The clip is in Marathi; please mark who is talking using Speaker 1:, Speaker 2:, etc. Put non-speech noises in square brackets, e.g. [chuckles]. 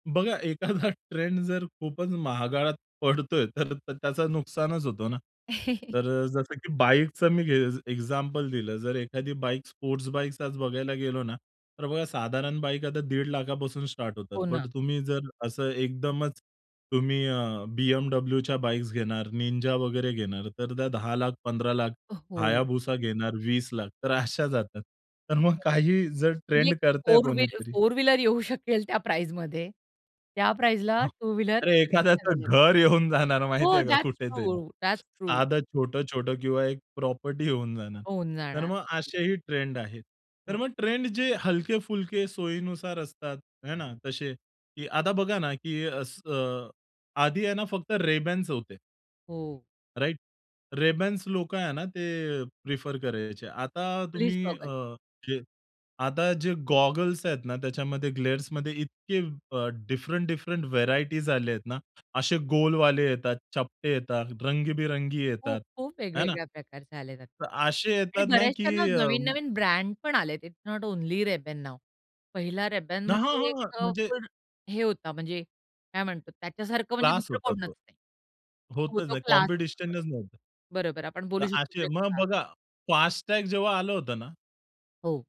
Speaker 1: बघा, एखादा ट्रेंड जर खूपच महागात पडतोय, तर त्याचं नुकसानच होतं ना.
Speaker 2: [chuckles]
Speaker 1: तर अ, जसं की बाईकचा मी गेज एक्झाम्पल दिलं, जर एखादी बाईक स्पोर्ट्स बाईक आज बघायला गेलो ना, तर बघा साधारण बाईक आता दीड लाखापासून स्टार्ट होतात.
Speaker 2: हो ना.
Speaker 1: पण तुम्ही जर असं एकदमच, तुम्ही अ, BMWच्या बाईक्स घेणार, Ninja वगैरे घेणार, तर त्या 10 लाख, 15 लाख
Speaker 2: अ, हो.
Speaker 1: Hayabusa घेणार 20 लाख. तर अशा जातात. तर मग
Speaker 2: [unintelligible]
Speaker 1: काही जर
Speaker 2: म्हणजे
Speaker 1: ट्रेंड
Speaker 2: एक
Speaker 1: करतंय
Speaker 2: 4 व्हील
Speaker 1: कोणीतरी
Speaker 2: 4 व्हीलर येऊ शकेल त्या प्राईसमध्ये. त्या प्राईसला
Speaker 1: हां,
Speaker 2: 2 व्हीलर
Speaker 1: अरे एखाद्याचं
Speaker 2: अवेलेबल.
Speaker 1: घर येऊन जाणार माहिती
Speaker 2: हो,
Speaker 1: आहे का
Speaker 2: दॅट्स
Speaker 1: कुठे तरी.
Speaker 2: True, that's true.
Speaker 1: साधं छोटं-छोटं किंवा एक प्रॉपर्टी येऊन जाणार.
Speaker 2: होऊन
Speaker 1: तर
Speaker 2: जाणार.
Speaker 1: मग असेही ट्रेंड आहेत. तर
Speaker 2: हो.
Speaker 1: मग ट्रेंड जे हलके-फुलके सोयीनुसार असतात, हे ना तसे. की आता बघा ना, की असं अ, आधी आहे ना, फक्त Rayban's होते.
Speaker 2: हो.
Speaker 1: राइट? Rayban's लोकं आहे ना, ते अ, प्रिफर करायचे. आता
Speaker 2: प्लीज
Speaker 1: तुम्ही
Speaker 2: गॉगल.
Speaker 1: अ, जे आता जे गॉगल्स आहेत ना, त्याच्यामध्ये ग्लेअर्समध्ये इतके अ, डिफरंट-डिफरंट व्हेरायटीज आले आहेत ना. असे गोलवाले येतात, चपटे येतात, रंगीबिरंगी
Speaker 2: खूप,
Speaker 1: येतात,
Speaker 2: खूप
Speaker 1: आहे ना?
Speaker 2: वेगवेगळ्या प्रकारचे आलेत आता
Speaker 1: तर असे
Speaker 2: आणि
Speaker 1: येतात ना, की
Speaker 2: बऱ्याचश्या
Speaker 1: अ
Speaker 2: नवीन-नवीन ब्रँड पण आलेत. It's not only Rayban now. पहिला Rayban
Speaker 1: न हां,
Speaker 2: म्हणजे एक
Speaker 1: हां.
Speaker 2: अ,
Speaker 1: म्हणजे
Speaker 2: फुल हे होता, म्हणजे काय म्हणतो, त्याच्यासारखं म्हणजे
Speaker 1: क्लास
Speaker 2: दुसरं
Speaker 1: होता
Speaker 2: कोणच
Speaker 1: तो.
Speaker 2: नाही. हो,
Speaker 1: होतच
Speaker 2: तो
Speaker 1: नाही,
Speaker 2: क्लास असतो.
Speaker 1: कॉम्पिटिशनच नव्हती.
Speaker 2: बरं, बरं आपण
Speaker 1: तर
Speaker 2: बोलू
Speaker 1: असे,
Speaker 2: शकतो.
Speaker 1: मग
Speaker 2: [unintelligible]
Speaker 1: बघा, फास्ट टॅग जेव्हा आलं होतं ना
Speaker 2: हो.